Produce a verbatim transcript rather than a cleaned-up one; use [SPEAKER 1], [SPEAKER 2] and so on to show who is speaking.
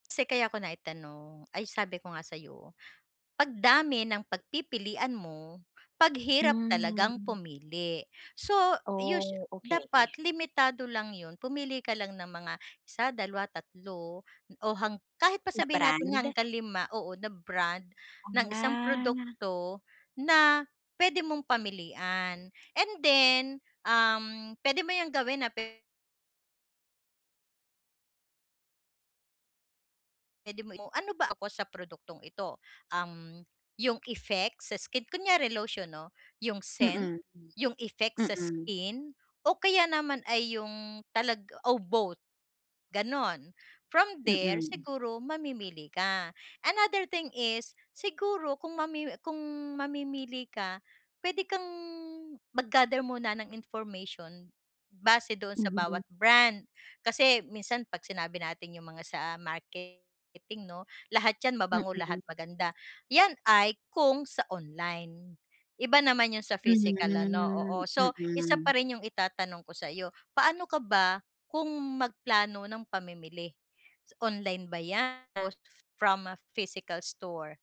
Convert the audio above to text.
[SPEAKER 1] Kasi kaya ko naitanong ay sabi ko nga sa'yo, "'Pag dami ng pagpipilian mo, 'pag hirap talagang
[SPEAKER 2] Hmm.
[SPEAKER 1] pumili." So us
[SPEAKER 2] Oh, okay.
[SPEAKER 1] dapat limitado lang yun, pumili ka lang ng mga, isa, dalawa, tatlo, o hang kahit pa
[SPEAKER 2] Na
[SPEAKER 1] sabihin natin nga
[SPEAKER 2] brand?
[SPEAKER 1] hanggang lima, oo, na brand ng isang
[SPEAKER 2] Ah.
[SPEAKER 1] produkto na pwede mong pamilian. And then, um, pwede mo yang gawin, ah, pwe Pwede mo i ano ba ako sa produktong ito? Um, yung effects sa skin, kunwari lotion 'no? Yung scent,
[SPEAKER 2] Mm.
[SPEAKER 1] yung effects sa
[SPEAKER 2] Mm.
[SPEAKER 1] skin, o kaya naman ay yung talaga o both? Gano'n. From there,
[SPEAKER 2] Mm.
[SPEAKER 1] siguro mamimili ka. Another thing is, siguro kung mamimi kung mamimili ka, pwede kang mag-gather muna ng information base doon sa
[SPEAKER 2] Mhm.
[SPEAKER 1] bawat brand. Kasi minsan 'pag sinabi natin yung mga sa marketing, 'no? Lahat yan mabango, lahat
[SPEAKER 2] Mm.
[SPEAKER 1] maganda, yan ay kung sa online. Iba naman yung sa physical ano,
[SPEAKER 2] Mhm.
[SPEAKER 1] oo. So, isa
[SPEAKER 2] Mm.
[SPEAKER 1] pa rin yung itatanong ko sa'yo, paano ka ba kung magplano ng pamimili, online ba yan o from a physical store?